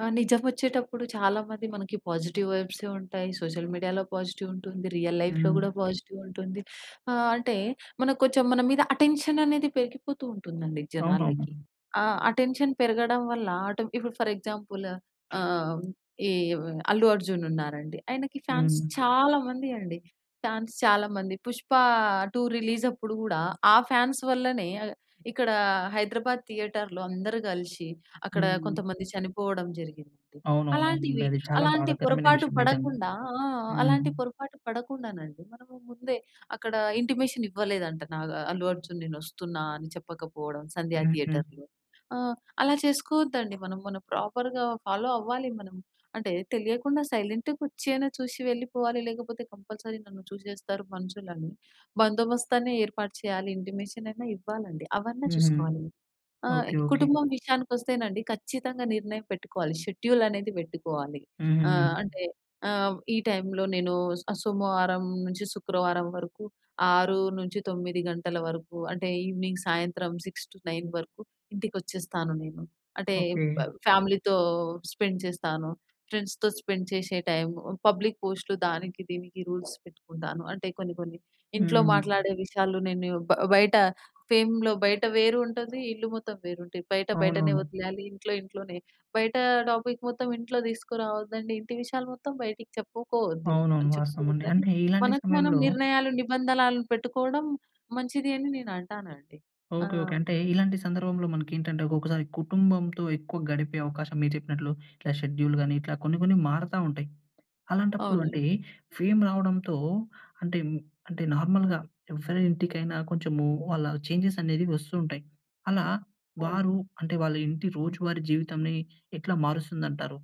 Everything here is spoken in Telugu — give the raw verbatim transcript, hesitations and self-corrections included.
ఆ! నిజమోచ్చేటప్పుడు చాలామంది మనకి పాజిటివ్ వైబ్సే ఉంటాయి. సోషల్ మీడియాలో పాజిటివ్ ఉంటుంది. రియల్ లైఫ్‌లో గూడా హ్మ్. పాజిటివ్ ఉంటుంది. ఆహ్, అంటే మనక్కొంచెం మన మీద అటెన్షన్ అనేది పెరిగిపోతూ ఉంటుందండి జనాలకి. అవునవును. ఆ! అటెన్షన్ పెరగడం వల్ల, అంటే ఇప్పుడు ఫర్ ఎక్సాంపుల్ ఆహ్, ఈవ్ 'అల్లు అర్జున్' ఉన్నారండి. ఆయనకి ఫాన్స్ హ్మ్. చాలా మంది అండి. ఫాన్స్ చాలా మంది. 'పుష్ప 2' రిలీజప్పుడు గూడా ఆ ఫాన్స్ వల్లనే ఇక్కడ ఆహ్, హైదరాబాద్ థియేటర్‌లో అందరూ గలిశి అక్కడ హ్మ్. కొంతమంది చనిపోవడం జరిగిందండి. అవునవును. అవునండి. అలాంటివి అది చాలా అలాంటి బాధాకరమైన పొరపాటు విషయం నిజంగా. పడకుండా ఆ! హ్మ్. అలాంటి పొరపాటు పడకుండానండి మనము ముందే అక్కడ ఇంటిమేషన్ ఇవ్వలేదంట నాగ ఆహ్, 'అల్లు అర్జున్' నేనొస్తున్నా అని చెప్పకపోవడం 'సంధ్యా హుహు. థియేటర్‌లో'. ఆ! అలా చేసుకోవద్దండి మనం, మనం ప్రాపర్‌గా ఫాలో అవ్వాలి మనం. అంటే తెలియకుండా సైలెంట్‌గా ఒచ్చయిన చూశి వెళ్ళిపోవాలి. లేకపోతే కంపల్సరీ నన్ను చూశేస్తారు మనుషులని, బందోబస్తన్ని ఏర్పాటు చేయాలి. ఇంటిమేషన్ అయినా ఇవ్వాలండి. అవన్నా హుహు. చూసుకోవాలి. ఆ! ఓకే. ఓకే. కుటుంబం విషయానికొస్తేనండి ఖచ్చితంగా నిర్ణయం పెట్టుకోవాలి. షెడ్యూల్ అనేది వెట్టుకోవాలి. ఆహ్, హుహు. అంటే ఆహ్, ఈ టైమ్‌లో నేను ఆహ్, సోమవారం నుంచి శుక్రవారం వరకు ఆరు నుంచి తొమ్మిది గంటల వరకు అంటే ఇవెనింగ్, సాయంత్రం సిక్స్ టు నైన్ వరకు ఇంటికొచ్చేస్తాను నేను. అంటే ఓకే. ఫ ఫ్యామిలీతో స్పెండ్ చేస్తాను. ఫ్రెండ్స్‌‌తో స్పెండ్ చేశే టైమ్ పబ్లిక్ పోస్ట్‌లు దానికి దీనికి రూల్స్ పెట్టుకుంటాను. అంటే కొన్ని కొన్ని ఇంట్లో హ్మ్. మాట్లాడే విషయాలు నేను బ బయట ఫేమ్‌లో బయట వేరుంటది ఇల్లు మొత్తం వేరుంటది. బయట బయటనే అవునవును. ఒదిలేయాలి, ఇంట్లో ఇంట్లోనే. బయట టాపిక్ మొత్తం ఇంట్లో తీసుకురావద్దండి. ఇంటి విషయాలు మొత్తం బయటికి చెప్పుకోవద్దు అవునవును. అని వాస్తవం అండి చెప్పుకోవద్దని అంటే ఇలాంటి మనకు మనం సమయంలో నిర్ణయాలు నిబంధనలు పెట్టుకోవడం మంచిది అని నేను అంటానండి. ఆ! ఓకే. ఓకే. అంటే ఇలాంటి సందర్భంలో మనకేంటంటే ఒకొక్కసారి కుటుంబంతో ఎక్కువ గడిపే అవకాశం మీరు జెప్పినట్లు, ఇట్లా షెడ్యూల్ గాని ఇట్లా కొన్ని కొన్ని మారతా ఉంటాయి. అలాంటప్పుడు అవునండి. అంటే ఫేమ్ రావడంతో అంటే, అంటే నార్మల్‌గా ఎవరి ఇంటికైనా కొంచెము వాళ్ళ చేంజెస్ అనేవి వస్తూ ఉంటాయి. అలా అవును. వారు, అంటే వాళ్ళింటి రోజువారి జీవితాన్ని ఎట్లా మారుస్తుందంటారు?